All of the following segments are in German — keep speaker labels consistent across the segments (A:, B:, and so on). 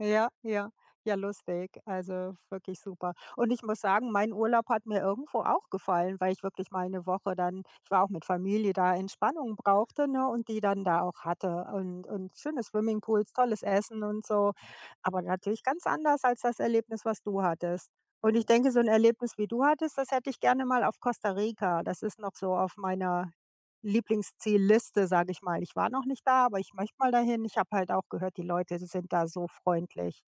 A: Ja, ja. Ja, lustig. Also wirklich super und ich muss sagen, mein Urlaub hat mir irgendwo auch gefallen, weil ich wirklich mal 'ne Woche dann ich war auch mit Familie da Entspannung brauchte, ne, und die dann da auch hatte und und schöne Swimmingpools, tolles Essen und so. Aber natürlich ganz anders als das Erlebnis, was du hattest, und ich denke, so 'n Erlebnis, wie du hattest, das hätte ich gerne mal auf Costa Rica. Das ist noch so auf meiner Lieblingszielliste, sage ich mal. Ich war noch nicht da, aber ich möchte mal dahin. Ich habe halt auch gehört, die Leute sind da so freundlich.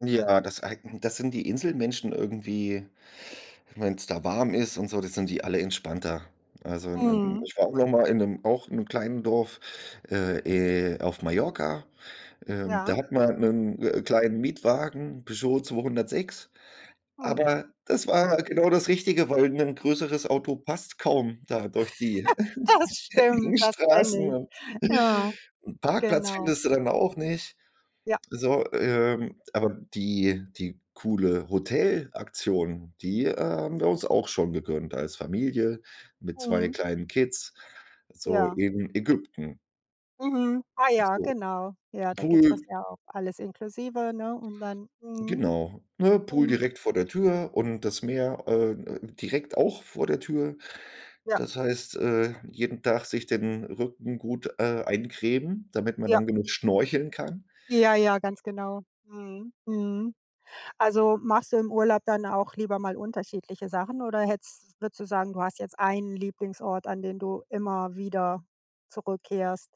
B: Ja, das äh, das sind die Inselmenschen irgendwie. Wenn's da warm ist und so, dann sind die alle entspannter. Also, ähm,
A: Mhm.
B: ich war auch noch mal in 'nem auch in 'nem kleinen Dorf, äh, äh, auf Mallorca, ähm,
A: Ja.
B: da hatten wir, 'nen, äh, kleinen Mietwagen, 'n Peugeot 206,
A: Mhm.
B: aber das war genau das Richtige, weil 'n größeres Auto passt kaum da durch die
A: Das stimmt,
B: engen
A: das
B: Straßen
A: kenne ich.
B: und
A: Ja,
B: 'n Parkplatz
A: genau.
B: findest du dann auch nicht.
A: Ja.
B: So, ähm, aber die die coole Hotelaktion, die, äh, haben wir uns auch schon gegönnt als Familie mit zwei
A: Mhm.
B: kleinen Kids, so
A: Ja.
B: in Ägypten.
A: Mhm, ah
B: Und
A: ja,
B: so 'n
A: genau. Ja, da gibt's das
B: Pool.
A: ja auch alles inklusive, ne, und dann mhm,
B: Genau, ne? Pool
A: mhm.
B: direkt vor der Tür und das Meer, äh, äh, direkt auch vor der Tür,
A: Ja.
B: das heißt, äh, jeden Tag sich den Rücken gut, äh, eincremen, damit man
A: Ja.
B: dann genug schnorcheln kann.
A: Ja, ja, ganz genau. Mhm, mhm. Also machst du im Urlaub dann auch lieber mal unterschiedliche Sachen oder hättest würdest du sagen, du hast jetzt einen Lieblingsort, an den du immer wieder zurückkehrst?